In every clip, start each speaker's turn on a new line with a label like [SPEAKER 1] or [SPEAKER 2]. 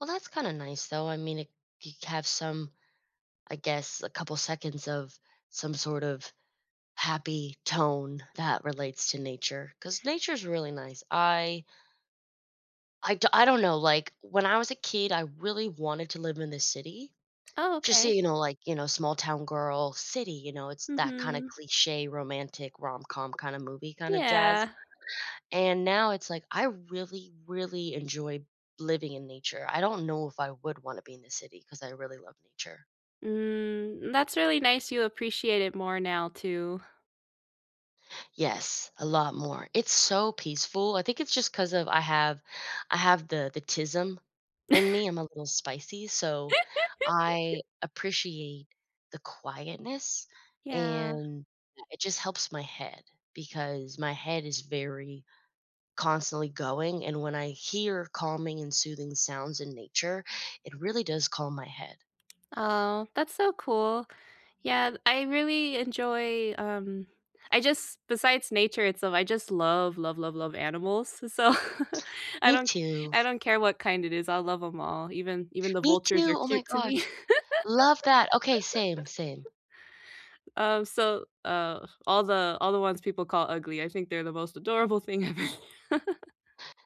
[SPEAKER 1] Well, that's kinda nice, though. I mean, i you have some I guess, a couple seconds of some sort of happy tone that relates to nature 'cause nature is really nice. I I do I don't know, like, when I was a kid, I really wanted to live in the city.
[SPEAKER 2] Oh,
[SPEAKER 1] Just so
[SPEAKER 2] okay.
[SPEAKER 1] you know, like, you know, small-town girl, city, you know, it's that kinda
[SPEAKER 2] Mhm.
[SPEAKER 1] cliché romantic rom-com kinda movie, kinda jazz,
[SPEAKER 2] Yeah.
[SPEAKER 1] and now it's like, I really, really enjoy living in nature. I don't know if I would wanna be in the city 'cause I really love nature.
[SPEAKER 2] Mm. That's really nice you appreciate it more now too.
[SPEAKER 1] Yes. A lot more. It's so peaceful. I think it's just 'cause of I have I have the the 'tism in me. I'm a little spicy, so I appreciate the quietness
[SPEAKER 2] Yeah.
[SPEAKER 1] and it just helps my head because my head is very constantly going and when I hear calming and soothing sounds in nature, it really does calm my head.
[SPEAKER 2] Oh, that's so cool. Yeah. I really enjoy, um I just besides nature itself, I just love, love, love, love animals, so, I
[SPEAKER 1] Me
[SPEAKER 2] don't
[SPEAKER 1] too.
[SPEAKER 2] I don't care what kind it is, I'll love 'em all, even even the
[SPEAKER 1] Me
[SPEAKER 2] vultures are
[SPEAKER 1] too! Oh my
[SPEAKER 2] cute to me.
[SPEAKER 1] gosh. Love that! Okay, same, same.
[SPEAKER 2] Um, so, uh, all the all the ones people call ugly, I think they're the most adorable thing ever.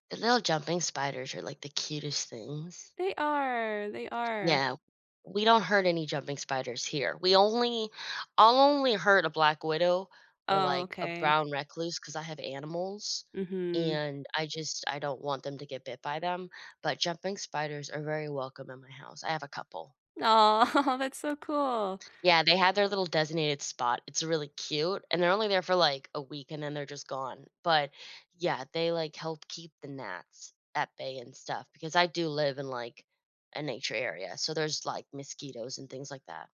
[SPEAKER 1] The little jumping spiders are, like, the cutest things.
[SPEAKER 2] They are, they are.
[SPEAKER 1] No. We don't hurt any jumping spiders here. We only I'll only hurt a black widow or,
[SPEAKER 2] Oh,
[SPEAKER 1] like, a
[SPEAKER 2] okay.
[SPEAKER 1] brown recluse 'cause I have animals,
[SPEAKER 2] Mhm.
[SPEAKER 1] and I just I don't want them to get bit by them. But jumping spiders are very welcome in my house, I have a couple.
[SPEAKER 2] Oh, that's so cool.
[SPEAKER 1] Yeah, they had their little designated spot, it's really cute, and they're only there for, like, a week and then they're just gone. But, yeah, they, like, help keep the gnats at bay and stuff because I do live in, like, a nature area, so there's, like, mosquitoes and things like that.